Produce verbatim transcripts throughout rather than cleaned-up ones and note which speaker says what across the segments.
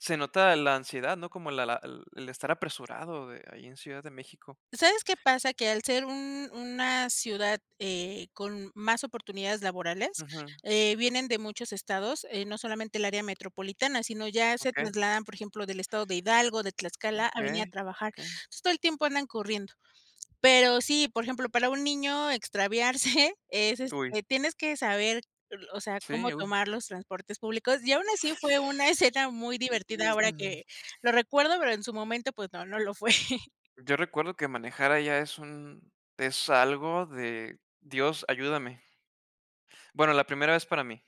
Speaker 1: Se nota la ansiedad, ¿no? Como la la el estar apresurado de ahí en Ciudad de México.
Speaker 2: ¿Sabes qué pasa? Que al ser un una ciudad, eh, con más oportunidades laborales,
Speaker 1: Ujú.
Speaker 2: eh, vienen de muchos estados, eh, no solamente el área metropolitana, sino ya se
Speaker 1: Okey.
Speaker 2: trasladan, por ejemplo, del estado de Hidalgo, de Tlaxcala a venir a
Speaker 1: Okey,
Speaker 2: trabajar.
Speaker 1: okey.
Speaker 2: Pues todo el tiempo andan corriendo. Pero sí, por ejemplo, para un niño, extraviarse es
Speaker 1: Uy.
Speaker 2: este, tienes que saber el o sea,
Speaker 1: Sí,
Speaker 2: cómo
Speaker 1: uy.
Speaker 2: tomar los transportes públicos, y aun así fue una escena muy
Speaker 1: Y y,
Speaker 2: divertida ahora
Speaker 1: n
Speaker 2: que lo recuerdo, pero en su momento, pues no, no lo fue.
Speaker 1: Yo recuerdo que manejar allá es un es algo de: "Dios ayúdame". Bueno, la primera vez para mí.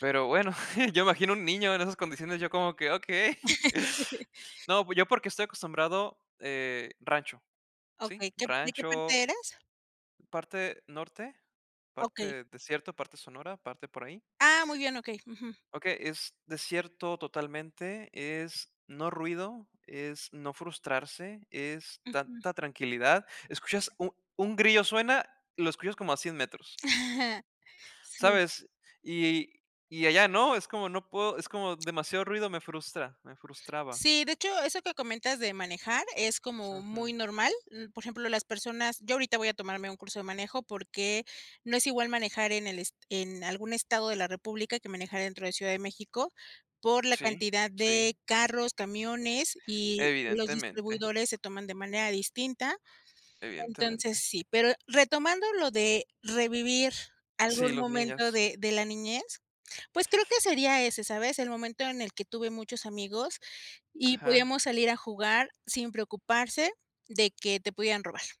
Speaker 1: Pero, bueno, yo imagino un niño en esas condiciones yo como que: "Okey". No, pues, yo porque estoy acostumbrado, eh, rancho, ¿sí?
Speaker 2: Okey, ¿qué de qué
Speaker 1: Rancho
Speaker 2: parte eres?
Speaker 1: parte norte,
Speaker 2: Okey.
Speaker 1: parte desierto, parte sonora, parte por ahí.
Speaker 2: Ah, muy bien, okey, ujú.
Speaker 1: Okey, es desierto totalmente, es no ruido, es no frustrarse, es
Speaker 2: Ujú.
Speaker 1: tanta tranquilidad. Escuchas u un grillo suena, lo escuchas como a cien metros.
Speaker 2: Sí.
Speaker 1: ¿Sabes? Y y allá no, es como no puedo, es como demasiado ruido, me frustra, me frustraba.
Speaker 2: Sí, de hecho, eso que comentas de manejar es como
Speaker 1: Ujú.
Speaker 2: muy normal. Mm, por ejemplo, las personas yo ahorita voy a tomarme un curso de manejo porque, no es igual manejar en el es en algún estado de la república que manejar dentro de Ciudad de México, por la
Speaker 1: Sí,
Speaker 2: cantidad
Speaker 1: sí.
Speaker 2: de carros, camiones y los
Speaker 1: Evidentemente.
Speaker 2: distribuidores se toman de manera distinta. Entonces
Speaker 1: Evidentemente.
Speaker 2: sí, pero retomando lo de revivir
Speaker 1: Sí,
Speaker 2: algún
Speaker 1: los
Speaker 2: momento
Speaker 1: niños.
Speaker 2: de de la niñez, pues, creo que sería ese, ¿sabes?, el momento en el que tuve muchos amigos y
Speaker 1: Ajá.
Speaker 2: podíamos salir a jugar, sin preocuparse de que te pudieran robar.